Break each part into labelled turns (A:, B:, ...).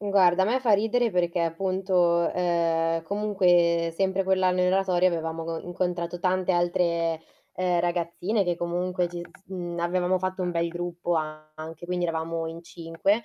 A: Guarda, a me fa ridere perché appunto, uhm, comunque sempre quell'anno in oratorio, avevamo, uhm, incontrato tante altre, uhm, ragazzine, che comunque ci s mhmm, avevamo fatto un bel gruppo anche, quindi eravamo in 5,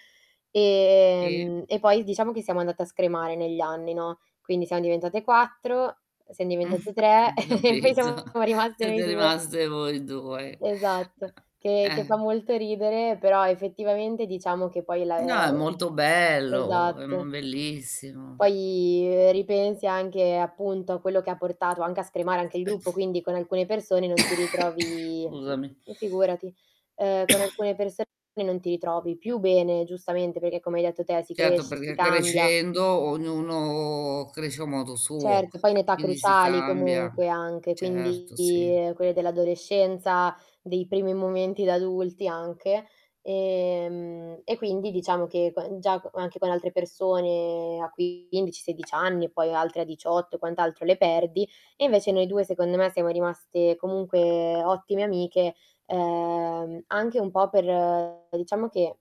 B: Si.
A: ehm, e poi diciamo che siamo andate a scremare negli anni, no, quindi siam diventate 4, siam diventate 3 e poi
B: Capito.
A: siamo rimaste noi
B: Siete
A: 2.
B: rimaste voi 2.
A: Esatto,
B: Uhm,
A: che che fa
B: Eh.
A: molto ridere, però effettivamente diciamo che poi la
B: No, è
A: [unintelligible]
B: molto bello, è mo
A: esatto.
B: bellissimo.
A: Poi, uhm, ripensi anche appunto a quello che ha portato anche a scremare anche il gruppo. Quindi con alcune persone non ti ritrovi
B: Scusami.
A: mhmm, figurati. Uhm, con alcune persone non ti ritrovi più bene, giustamente, perché come hai detto te, si
B: Certo,
A: cresce, si
B: perché
A: cambia.
B: crescendo, ognuno cresce a modo suo,
A: Certo, poi in età
B: quindi si
A: cruciali
B: cambia.
A: comunque anche, quindi,
B: Certo, sì.
A: ehm, quelle dell'adolescenza, dei primi momenti da adulti anche, ehm, e quindi diciamo che quan già anche con altre persone a 15, 16 anni e poi altre a 18 e quant'altro le perdi, e invece noi 2 secondo me siamo rimaste comunque ottime amiche, uhm, anche un po' per, uhm, diciamo che,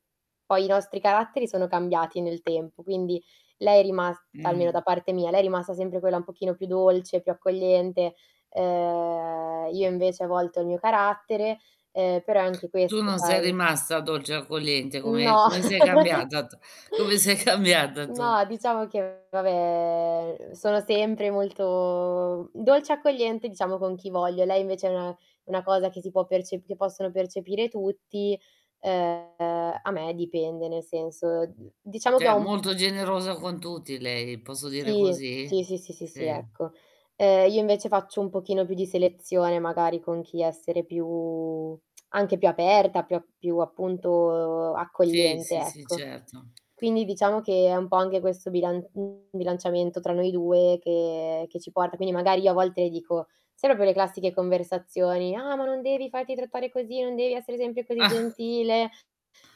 A: poi i nostri caratteri sono cambiati nel tempo, quindi lei è rimas almeno da
B: Mh.
A: parte mia, lei è rimasta sempre quella un pochino più dolce, più accogliente, uhm, io invece a volte ho il mio carattere, uhm, però è anche
B: Tu
A: questo
B: non sei
A: sai.
B: rimasta dolce e accogliente? Come
A: No.
B: come sei cambiata? Come sei cambiata tu?
A: No, diciamo che vabbè, uhm, sono sempre molto dolce, accogliente, diciamo con chi voglio. Lei invece no. Una cosa che si può perce che possono percepire tutti. Uhm, a me dipende, nel senso diciamo che
B: Cioè
A: ho m
B: molto generosa con tutti lei. Posso dire
A: Sì.
B: così?
A: Sì, sì, sì, sì,
B: Sì.
A: ecco. Uhm, io invece faccio un pochino più di selezione, magari con chi essere più anche più aperta, più a più appunto
B: Sì,
A: accogliente,
B: sì, sì,
A: ecco.
B: certo.
A: Quindi diciamo che è un po' anche questo bilan bilanciamento tra noi 2 che che ci porta quindi magari io a volte le dico sono quelle classiche conversazioni, "Ah, ma non devi farti trattare così, non devi essere sempre così gentile."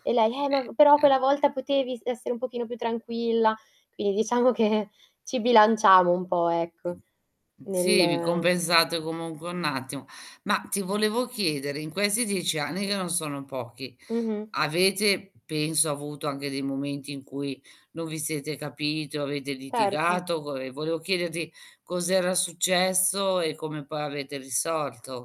A: E lei: "Eh,
B: Ehm,
A: ma però quella
B: ea
A: volta potevi essere un pochino più tranquilla". Quindi diciamo che ci bilanciamo un po', ecco,
B: Sì, vi
A: nel
B: compensate comunque un attimo. Ma ti volevo chiedere, in questi 10 anni, che non sono pochi,
A: Mh-mh.
B: avete penso avuto anche dei momenti in cui non vi siete capiti o avete
A: Certo
B: litigato. Goe volevo chiederti cos'era successo e come poi avete risolto?